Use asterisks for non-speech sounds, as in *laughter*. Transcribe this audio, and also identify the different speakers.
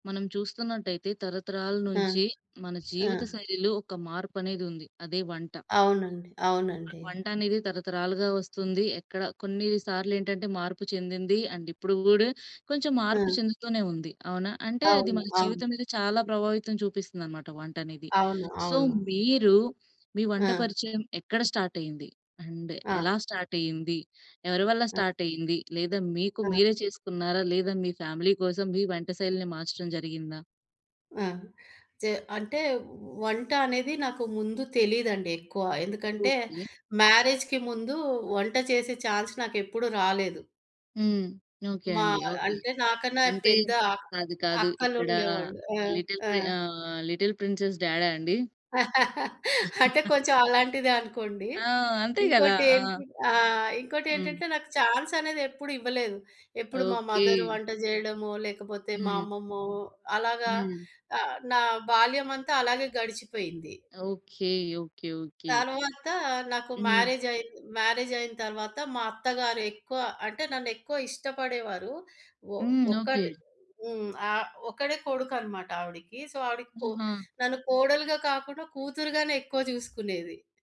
Speaker 1: మనం చూస్తున్నట్టయితే, తరతరాల
Speaker 2: ఆ!
Speaker 1: నుంచి మన
Speaker 2: ఆ!
Speaker 1: జీవిత శైలిలో ఒక మార్పనేదుంది, అదే వంట.
Speaker 2: అవునండి.
Speaker 1: ఆ
Speaker 2: అవునండీ.
Speaker 1: వంటనేది తరతరాలుగా వస్తుంది. ఎక్కడ కొన్నీ సార్లేంటంటే, మార్పు చెందింది, అండ్ ఇప్పుడు గూడా కొంచెం
Speaker 2: ఆ!
Speaker 1: మార్పు చెందుతూనే ఉంది. అవునా? అంటే, అది
Speaker 2: అవును.
Speaker 1: మన
Speaker 2: అవును.
Speaker 1: జీవితం మీద చాలా ప్రభావితం చూపిస్తుందనమాట వంటనేది.
Speaker 2: అవును.
Speaker 1: సో,
Speaker 2: అవును.
Speaker 1: మీరు మీ వంట
Speaker 2: ఆ!
Speaker 1: పరిచయం ఎక్కడ స్టార్టయింది? అండ్
Speaker 2: ఆ!
Speaker 1: ఎలా స్టార్టయ్యింది? ఎవరి వల్ల
Speaker 2: ఆ!
Speaker 1: స్టార్టయ్యింది? లేదా మీకు
Speaker 2: ఆ!
Speaker 1: మీరే చేసుకున్నారా? లేదా మీ ఫ్యామిలీ కోసం మీ వంట శైలిని మార్చడం జరిగిందా?
Speaker 2: ఆ! చే అంటే, వ వంట అనేది నాకు ముందు తెలీదండి ఎక్కువ. ఎందుకంటే,
Speaker 1: ఓకే.
Speaker 2: మ్యారేజ్‌కి ముందూ వంట చేసే ఛాన్స్ నాకెప్పుడూ రాలేదు.
Speaker 1: హ్మ్. ఓకే
Speaker 2: మా
Speaker 1: అండి. ఓకే.
Speaker 2: అంటే, నాకన్నా
Speaker 1: అంటే,
Speaker 2: పెద్ద అ
Speaker 1: కాదు, కాదు. ఇక్కడా
Speaker 2: అక్కలుండేవాళ్ళు. ఆ!
Speaker 1: లిటిల్
Speaker 2: ఆ!
Speaker 1: ప్రి ఆహ్, లిటిల్ ప్రిన్సెస్ డ్యాడా అండి?
Speaker 2: *laughs* అంటే,
Speaker 1: *chuckles*
Speaker 2: కొంచెం అలాంటిదే అనుకోండి.
Speaker 1: ఆ! అంతే గదా! ఆ!
Speaker 2: ఇంకోటేంటి ఆ!
Speaker 1: హ్మ్.
Speaker 2: ఇంకోటేంటంటే, నాకు ఛాన్సనేది ఎప్పుడూ ఇవ్వలేదు. ఎప్పుడు మా
Speaker 1: ఓకే.
Speaker 2: మదరు వంట జెయడమో, లేకపోతే మా
Speaker 1: హ్మ్.
Speaker 2: అమ్మమ్మో, అలాగా
Speaker 1: హ్మ్.
Speaker 2: ఆహ్, నా బాల్యమంతా అలాగే గడిచిపోయింది.
Speaker 1: ఓకే. ఓకే. ఓకే.
Speaker 2: తర్వాతా నాకు
Speaker 1: హ్మ్.
Speaker 2: మ్యారేజయింది. మ్యారేజయిన తర్వాత మా అత్తగారు ఎక్కువ, అంటే నన్ను ఎక్కువ ఇష్టపడేవారు. ఒ
Speaker 1: హ్మ్. ఓకే.
Speaker 2: ఒక్కటి హ్మ్. ఆహ్, ఒక్కడే కొడుకనమాట ఆవిడికి. సో, ఆవిడికి కొ
Speaker 1: ఆహా!
Speaker 2: నన్ను కోడలుగా కాకుండా కూతురుగానే ఎక్కువ జూసుకునేది.